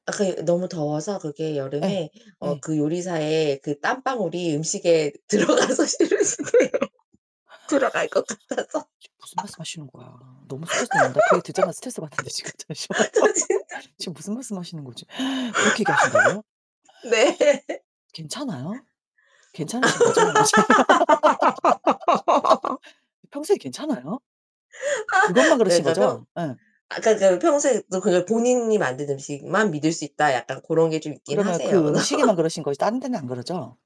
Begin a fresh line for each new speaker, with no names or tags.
아 그게 너무 더워서 그게
예.
여름에 어
예.
그 요리사에 그 땀방울이 음식에 들어가서 싫으시대요. 들어갈 것 같아서.
지금 무슨 말씀하시는 거야? 너무 스트레스 된다. 그 얘기 듣자마자 스트레스 받는데 지금 잠시만.
같아 저 진짜
지금 무슨 말씀하시는 거지? 그렇게 얘기 하신다고요?
네.
괜찮아요? 괜찮으신 거죠? 평소에 괜찮아요?
아
그것만 그러신
그니까 평
거죠? 예.
아 그니까 그니까 '평소에도 그 본인이 만든 음식만 믿을 수 있다.' 약간 고런 게 좀 있긴
그러면
하세요.
그 음식에만 그러신 거지 다른 데는 안 그러죠?